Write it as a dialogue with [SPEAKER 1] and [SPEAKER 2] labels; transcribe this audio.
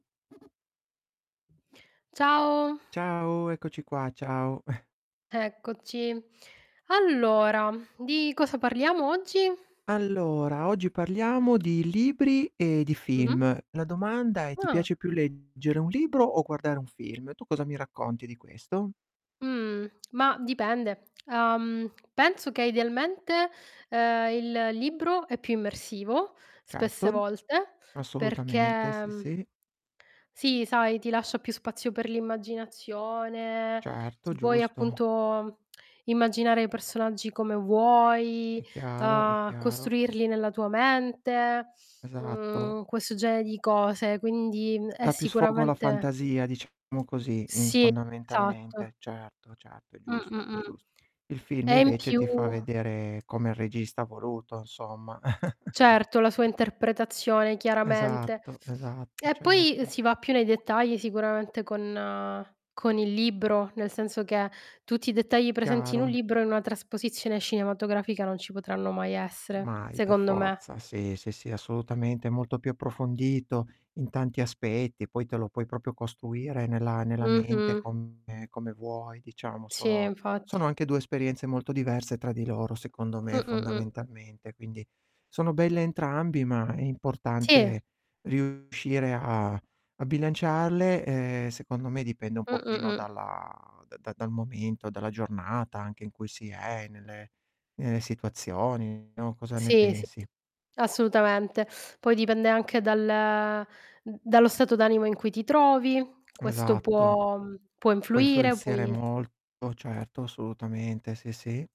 [SPEAKER 1] Ciao.
[SPEAKER 2] Ciao, eccoci qua, ciao.
[SPEAKER 1] Eccoci. Allora, di cosa parliamo oggi?
[SPEAKER 2] Allora, oggi parliamo di libri e di
[SPEAKER 1] Mh-mh.
[SPEAKER 2] film. La domanda è: ti
[SPEAKER 1] Ah.
[SPEAKER 2] piace più leggere un libro o guardare un film? Tu cosa mi racconti di questo?
[SPEAKER 1] Mhmm, mah, dipende. Uhm, penso che idealmente, uhm, il libro è più immersivo spesse
[SPEAKER 2] Certo.
[SPEAKER 1] volte perché,
[SPEAKER 2] Assolutamente, sì,
[SPEAKER 1] mhmm
[SPEAKER 2] sì.
[SPEAKER 1] sì, sai, ti lascia più spazio per l'immaginazione,
[SPEAKER 2] Certo,
[SPEAKER 1] ti puoi
[SPEAKER 2] giusto.
[SPEAKER 1] appunto immaginare i personaggi come vuoi,
[SPEAKER 2] È chiaro, è
[SPEAKER 1] uhm,
[SPEAKER 2] chiaro.
[SPEAKER 1] costruirli nella tua mente,
[SPEAKER 2] Esatto.
[SPEAKER 1] mhmm, questo genere di cose. Quindi, mhmm, è
[SPEAKER 2] Dà più sfogo alla
[SPEAKER 1] sicuramente
[SPEAKER 2] fantasia, diciamo così, in
[SPEAKER 1] Sì, esatto.
[SPEAKER 2] fondamentalmente. Certo, certo, è
[SPEAKER 1] Mh,
[SPEAKER 2] giusto,
[SPEAKER 1] mh,
[SPEAKER 2] è
[SPEAKER 1] mh.
[SPEAKER 2] giust il film
[SPEAKER 1] E in
[SPEAKER 2] invece
[SPEAKER 1] più
[SPEAKER 2] ti fa vedere come il regista ha voluto, insomma.
[SPEAKER 1] Certo, la sua interpretazione chiaramente.
[SPEAKER 2] Esatto, esatto,
[SPEAKER 1] E poi
[SPEAKER 2] certo.
[SPEAKER 1] si va più nei dettagli sicuramente con con il libro, nel senso che tutti i dettagli presenti in un
[SPEAKER 2] Chiaro.
[SPEAKER 1] libro in una trasposizione cinematografica non ci potranno mai essere,
[SPEAKER 2] Mai, per
[SPEAKER 1] secondo me.
[SPEAKER 2] forza. Sì, sì, sì, assolutamente, è molto più approfondito in tanti aspetti, poi te lo puoi proprio costruire nella nella mente
[SPEAKER 1] Mh-mh.
[SPEAKER 2] come come vuoi, diciamo.
[SPEAKER 1] Sì,
[SPEAKER 2] Sono
[SPEAKER 1] infatti.
[SPEAKER 2] sono anche 2 esperienze molto diverse tra di loro, secondo me,
[SPEAKER 1] Mh, mh, mh.
[SPEAKER 2] fondamentalmente, quindi sono belle entrambi, ma è
[SPEAKER 1] Sì.
[SPEAKER 2] importante riuscire a a bilanciarle, e, secondo me dipende un
[SPEAKER 1] Mh, mh,
[SPEAKER 2] pochino
[SPEAKER 1] mh.
[SPEAKER 2] dalla da da dal momento, dalla giornata anche in cui si è, nelle nelle situazioni, no, cosa ne
[SPEAKER 1] Sì, sì
[SPEAKER 2] pensi?
[SPEAKER 1] assolutamente. Poi dipende anche dal mhmm, dallo stato d'animo in cui ti trovi, questo
[SPEAKER 2] Esatto.
[SPEAKER 1] può può
[SPEAKER 2] Può
[SPEAKER 1] influire,
[SPEAKER 2] influenzare
[SPEAKER 1] puoi
[SPEAKER 2] molto, certo, assolutamente, sì, sì